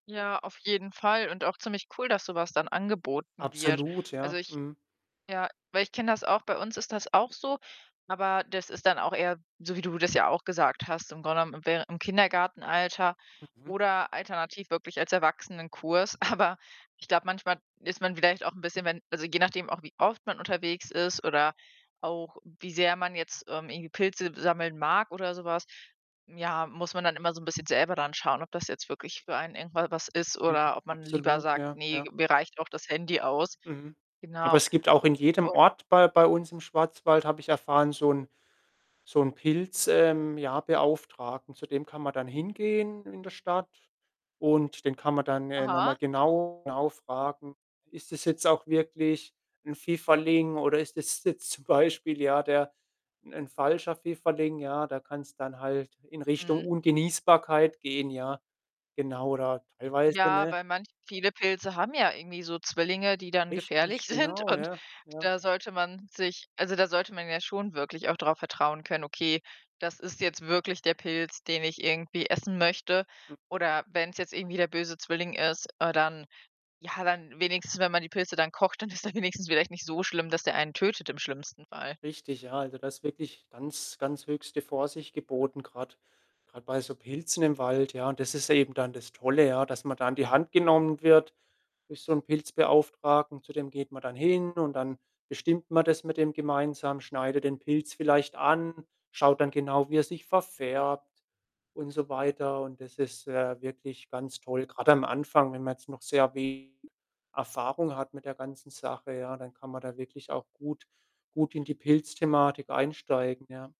Ja, auf jeden Fall und auch ziemlich cool, dass so was dann angeboten wird. Absolut, Also, ja, ich mhm. ja, weil ich kenne das auch, bei uns ist das auch so, aber das ist dann auch eher so, wie du das ja auch gesagt hast, im Grunde genommen, im währen im Kindergartenalter Mhm. oder alternativ wirklich als Erwachsenenkurs. Aber ich glaube, manchmal ist man vielleicht auch 'n bisschen, wenn also, je nachdem auch, wie oft man unterwegs ist oder auch wie sehr man jetzt, ähm, irgendwie Pilze sammeln mag oder so was, ja, muss man dann immer so 'n bisschen selber dann schauen, ob das jetzt wirklich für einen irgendwa was ist Mhm, oder ob man lieber absolut, sagt: ja, „Ne, ja. mir reicht auch das Handy aus.“ Mhm. Aber Genau, es gibt auch in jedem und Ort bei bei uns im Schwarzwald, habe ich erfahren, so 'n so 'n Pilz ähm, ja, Beauftragten. Zu dem kann man dann hingehen in der Stadt und den kann man dann, äh, noch mal Aha. genau genau fragen: „Ist das jetzt auch wirklich 'n Pfifferling oder ist das jetzt zum Beispiel, ja, der 'n falscher Pfifferling?“ Ja, da kann's dann halt in Richtung Mhm. Ungenießbarkeit gehen, ja, genau oder teilweise Ja, ne? weil manch viele Pilze haben ja irgendwie so Zwillinge, die dann gefährlich Richtig, sind genau, und ja, ja. da sollte man sich also, da sollte man ja schon wirklich auch drauf vertrauen können: „Okay, das ist jetzt wirklich der Pilz, den ich irgendwie essen möchte.“ M Oder wenn's jetzt irgendwie der böse Zwilling ist, äh, dann ja, dann wenigstens, wenn man die Pilze dann kocht, dann ist er wenigstens vielleicht nicht so schlimm, dass der einen tötet im schlimmsten Fall. Richtig, ja. Also, da ist wirklich ganz ganz höchste Vorsicht geboten grad grad bei so Pilzen im Wald, ja. Das ist eben dann das Tolle, ja, dass man da an die Hand genommen wird durch so 'n Pilzbeauftragten. Zu dem geht man dann hin und dann bestimmt man das mit dem gemeinsam, schneidet den Pilz vielleicht an, schaut dann genau, wie er sich verfärbt und so weiter und das ist, äh, wirklich ganz toll. Grade am Anfang, wenn man jetzt noch sehr we Erfahrung hat mit der ganzen Sache, ja, dann kann man da wirklich auch gut gut in die Pilzthematik einsteigen, ja.